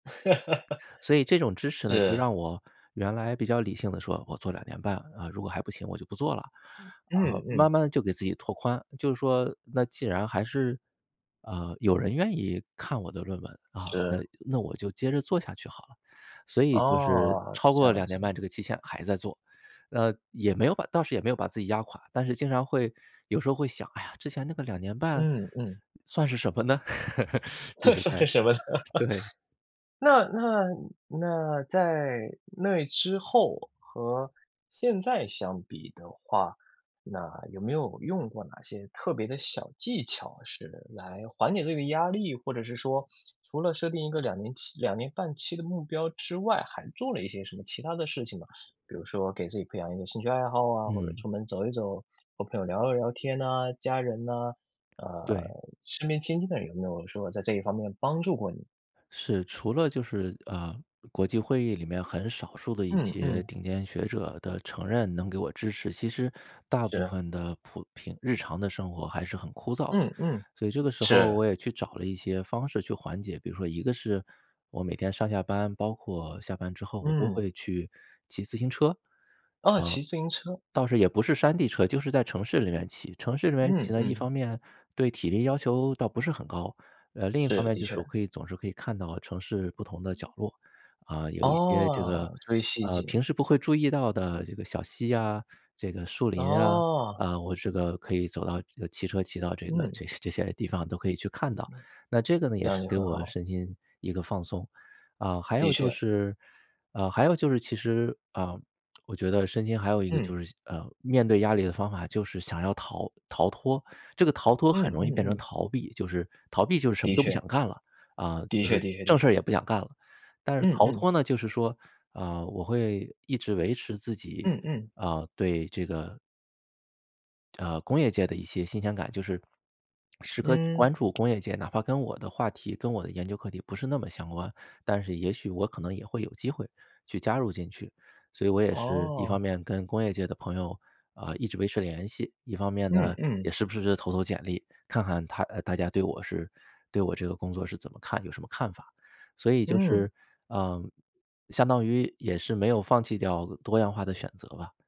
所以这种知识呢，就是。让我原来比较理性地说，我做2年半，啊，如果还不行我就不做了。啊，嗯，慢嗯。慢就给自己拓宽，就是说那既然还是呃，有人愿意看我的论文，啊，呃，是。那我就接着做下去好了。所以就是哦，超这过样2年子。半这个期限还在做，呃，也没有把倒是也没有把自己压垮，但是经常会有时候会想，哎呀，之前那个2年半嗯，嗯。算是什么呢？就 是算哎，是什么呢？对。那那那在那之后和现在相比的话，那有没有用过哪些特别的小技巧是来缓解这个压力，或者是说，除了设定一个2年期2年半期的目标之外，还做了一些什么其它的事情吗？比如说给自己培养一个兴趣爱好啊，或者嗯。出门走一走，和朋友聊了聊天呐？家人呐，呃，对。身边亲近的人有没有说在这一方面帮助过你？是，除了就是呃，国际会议里面很少数的一嗯，些嗯。顶尖学者的承认能给我支持，其实大是部的。分的普平日常的生活还是很枯燥。嗯，嗯，所以这个时候是。我也去找了一些方式去缓解，比如说一个是我每天上下班，包括下班之后，我都嗯。会去骑自行车，啊，啊，骑自行车。倒是也不是山地车，就是在城市里面骑。城市里面骑嗯，呢，一嗯。方面对体力要求倒不是很高，呃，另一方是，面的就是我确。可以总是可以看到城市不同的角落，啊，有一些这个哦，追细呃，节。平时不会注意到的这个小溪啊，这个树林啊，哦。啊，我这个可以走到呃，骑车骑到这个嗯。这些这些地方都可以去看到。那这个呢，这也样是就给很我好。身心一个放松。啊，还的有就确。是啊，还有就是其实，啊，我觉得身心还有一个嗯。就是呃，面对压力的方法就是想要逃逃脱。这个逃脱嗯，很容易嗯，变成嗯。逃避，就是逃避就是什么的都不确。想干了，啊，的就确是的确的正确。事也不想干了。但是嗯，逃嗯。脱呢，就是说啊，我会一直维持自己嗯，嗯。啊，对这个呃，工业界的一些新鲜感就是 时刻嗯。关注工业界，哪怕跟我的话题、跟我的研究课题不是那么相关，但是也许我可能也会有机会去加入进去。所以我也是一方哦。面跟工业界的朋友，啊，一直维持联系，一方面嗯，呢，也嗯。时不时地投投简历，看看他呃，大家对我是对我这个工作是怎么看有什么看法，所以就嗯。是呃，相当于也是没有放弃掉多样化的选择吧。